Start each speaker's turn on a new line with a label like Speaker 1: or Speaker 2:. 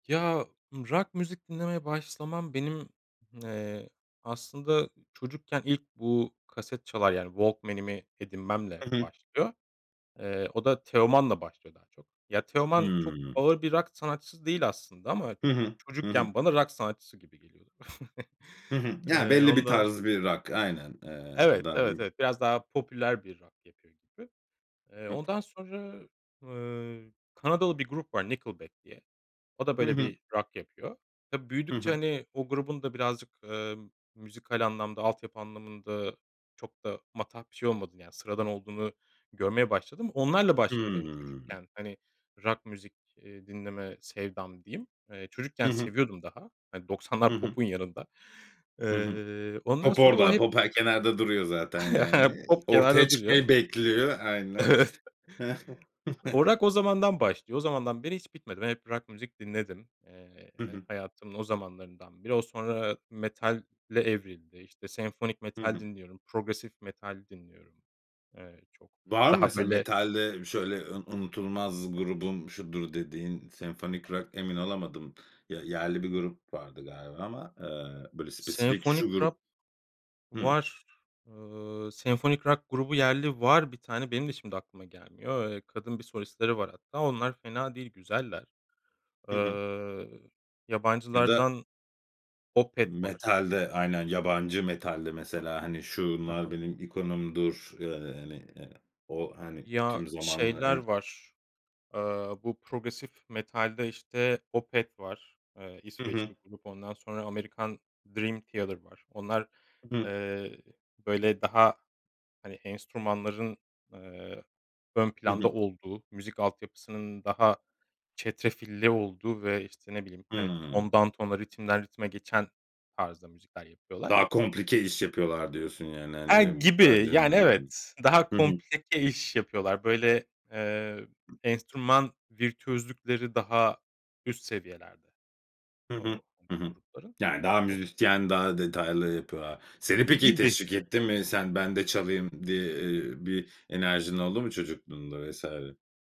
Speaker 1: Ya, rock müzik dinlemeye başlamam benim, ııı, aslında çocukken ilk bu, kaset çalar yani, Walkman'imi edinmemle
Speaker 2: Hı hı.
Speaker 1: başlıyor. Eee, o da Teoman'la başlıyor daha çok. Ya, Teoman çok
Speaker 2: Hıı.
Speaker 1: ağır bir rock sanatçısı değil aslında ama
Speaker 2: Hı hı. Hı hı.
Speaker 1: çocukken bana rock sanatçısı gibi geliyordur.
Speaker 2: Hı hı. Yani
Speaker 1: Iıı,
Speaker 2: belli bir
Speaker 1: ondan
Speaker 2: tarz bir rock aynen. Iıı,
Speaker 1: Evet,
Speaker 2: daha
Speaker 1: evet,
Speaker 2: diyeyim.
Speaker 1: evet. Biraz daha popüler bir rock yapıyor gibi. Eee,
Speaker 2: Hı hı.
Speaker 1: ondan sonra, ııı, Kanadalı bir grup var Nickelback diye. O da,
Speaker 2: Hı
Speaker 1: böyle
Speaker 2: hı.
Speaker 1: bir rock yapıyor. Tabii
Speaker 2: Hı
Speaker 1: büyüdükçe,
Speaker 2: hı.
Speaker 1: hani, o grubun da birazcık, ııı, müzikal anlamda altyapı anlamında çok da matah bir şey olmadığını, yani sıradan olduğunu görmeye başladım. Onlarla başladı benim
Speaker 2: Hımm.
Speaker 1: çocukken hani rock müzik, iii, dinleme sevdam diyeyim. Eee,
Speaker 2: Hı
Speaker 1: çocukken
Speaker 2: hı.
Speaker 1: seviyordum daha. Hani
Speaker 2: Hı
Speaker 1: 90'lar
Speaker 2: hı.
Speaker 1: popun yanında.
Speaker 2: Hı hı.
Speaker 1: Iıı, ondan
Speaker 2: Pop
Speaker 1: sonra o
Speaker 2: orada,
Speaker 1: hep
Speaker 2: pop her kenarda duruyor zaten yani.
Speaker 1: Pop
Speaker 2: Ortaya
Speaker 1: kenarda duruyor.
Speaker 2: çıkmayı bekliyor, aynen.
Speaker 1: Evet.
Speaker 2: Hı hı.
Speaker 1: O rock, o zamandan başlıyor. O zamandan beri hiç bitmedi. Ben hep rock müzik dinledim. Iıı,
Speaker 2: Hı hı.
Speaker 1: hayatımın o zamanlarından beri. O, sonra metale evrildi, işte senfonik
Speaker 2: Hı
Speaker 1: metal
Speaker 2: hı.
Speaker 1: dinliyorum. Progresif metal dinliyorum. Iıı, çok
Speaker 2: Var mı
Speaker 1: daha
Speaker 2: mesela?
Speaker 1: böyle
Speaker 2: Metalde şöyle un "Unutulmaz grubum şudur." dediğin, senfonik rock emin olamadım. Ya, yerli bir grup vardı galiba ama, ııı, böyle spesifik
Speaker 1: Senfonik
Speaker 2: şu
Speaker 1: rock
Speaker 2: grup Hı.
Speaker 1: var. Iıı, senfonik rock grubu yerli var bir tane. Benim de şimdi aklıma gelmiyor. Eee, kadın bir solistleri var hatta. Onlar fena değil, güzeller.
Speaker 2: Hı hı.
Speaker 1: Iıı,
Speaker 2: Ya da
Speaker 1: yabancılardan Opeth var.
Speaker 2: Metalde. Aynen, yabancı metalde mesela, hani
Speaker 1: Ha
Speaker 2: "Şunlar
Speaker 1: ha.
Speaker 2: benim ikonumdur." ııı, yani o hani,
Speaker 1: Ya,
Speaker 2: tüm zamanlar
Speaker 1: şeyler
Speaker 2: hani
Speaker 1: var; Aaa, bu progresif metalde işte Opeth var, ııı,
Speaker 2: Hı hı.
Speaker 1: İsveçli grup ondan sonra, Amerikan, Dream Theater var. Onlar,
Speaker 2: Hı hı.
Speaker 1: ııı, böyle daha, hani, enstrümanların, ııı, ön
Speaker 2: Hı
Speaker 1: planda
Speaker 2: hı.
Speaker 1: olduğu, müzik altyapısının daha çetrefilli olduğu ve işte, ne bileyim, hani,
Speaker 2: Hıı.
Speaker 1: tondan tona, ritimden ritime geçen tarzda müzikler yapıyorlar.
Speaker 2: Daha komplike iş yapıyorlar diyorsun yani, hani,
Speaker 1: E, gibi,
Speaker 2: metalcilere
Speaker 1: yani
Speaker 2: göre.
Speaker 1: evet. Daha
Speaker 2: Hı hı.
Speaker 1: komplike iş yapıyorlar. Böyle, ııı, enstrüman virtüözlükleri daha üst seviyelerde
Speaker 2: Hı hı,
Speaker 1: o hani
Speaker 2: hı
Speaker 1: o
Speaker 2: hı.
Speaker 1: grupların.
Speaker 2: Yani daha
Speaker 1: O
Speaker 2: müzisyen, daha detaylı yapıyorlar. Seni
Speaker 1: E,
Speaker 2: peki,
Speaker 1: gibi.
Speaker 2: teşvik etti mi? Sen, "Ben de çalayım." diye ııı, bir enerjin oldu mu çocukluğunda vs?